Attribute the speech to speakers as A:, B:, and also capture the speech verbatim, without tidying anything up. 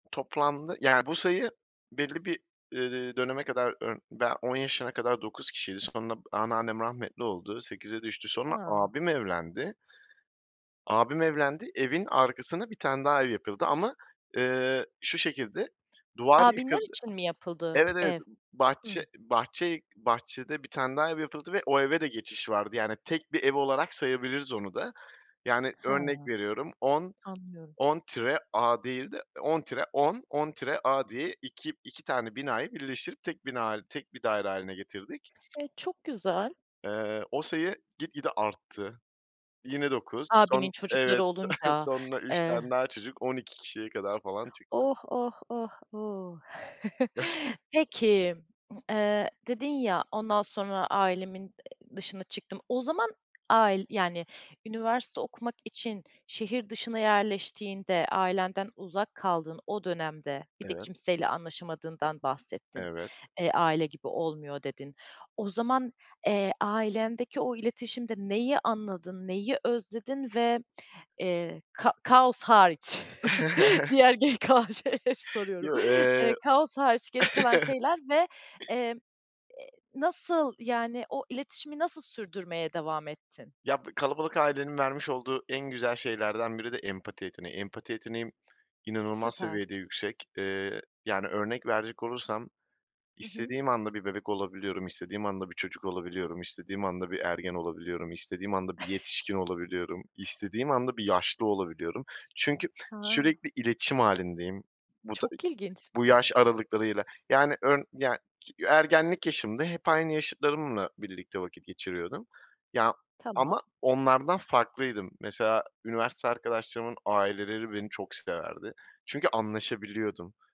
A: Toplamda yani, bu sayı belli bir, eee, döneme kadar, ımm, ben on yaşına kadar dokuz kişiydi. Sonra anneannem rahmetli oldu, sekize düştü. Sonra
B: Ha.
A: abim evlendi abim evlendi, evin arkasına bir tane daha ev yapıldı ama, eee, şu şekilde, duvar
B: Abinler
A: yıkıldı
B: için mi yapıldı
A: Evet, evet.
B: ev?
A: B bahçe
B: Hımm.
A: bahçe bahçede bir tane daha ev yapıldı ve o eve de geçiş vardı. Yani, tek bir ev olarak sayabiliriz onu da. Yani, örnek
B: Ha.
A: veriyorum on
B: Anlıyorum.
A: on tire a değil de, eee, on tire on on tire a diye iki iki tane binayı birleştirip tek bina hâli tek bir daire hâline getirdik.
B: E, çok güzel.
A: Eee, o sayı git gide arttı. Yine dokuz son
B: Abinin çocukları
A: Evet. So
B: olunca,
A: Sonra üç
B: eee
A: tane daha çocuk on iki kişiye kadar falan çıktı.
B: Oh, oh, oh, oh! Peki, m eee, dedin ya, "Ondan sonra ailemin, eee, dışına çıktım." O zaman ail yani, üniversite okumak için şehir dışına yerleştiğinde, ailenden uzak kaldığın o dönemde, bir de
A: Evet.
B: kimseyle
A: [unintelligible]
B: anlaşamadığından bahsettin.
A: Evet.
B: Eee, "Aile gibi olmuyor." dedin. O zaman, eee, ailendeki o iletişimde neyi anladın, neyi özledin? Ve, eee, ka kaos hariç diğer geri kalan şeyleri soruyorum.
A: Yo, eee
B: Eee, kaos hariç geri kalan şeyler ve, emm, eee, nasıl, yani, o iletişimi nasıl sürdürmeye devam ettin?
A: Ya, b kalabalık ailenin vermiş olduğu en güzel şeylerden biri de empati yeteneği. Empati yeteneğim inanılmaz
B: Süper.
A: seviyede yüksek. Eee, yani, örnek verecek olursam,
B: Hı hı.
A: istediğim anda bir bebek olabiliyorum, istediğim anda bir çocuk olabiliyorum, istediğim anda bir ergen olabiliyorum, istediğim anda bir yetişkin olabiliyorum, istediğim anda bir yaşlı olabiliyorum. Çünkü
B: Ha.
A: sürekli iletişim hâlindeyim. Bu ta
B: Çok ilginç.
A: bu yaş aralıklarıyla, yani, örn yani, tü ya ergenlik yaşımda hep aynı yaşıtlarımla birlikte vakit geçiriyordum. Ya ama
B: Tamam.
A: onlardan farklıydım. Mesela üniversite arkadaşlarımın aileleri beni çok severdi. Çünkü anlaşabiliyordum.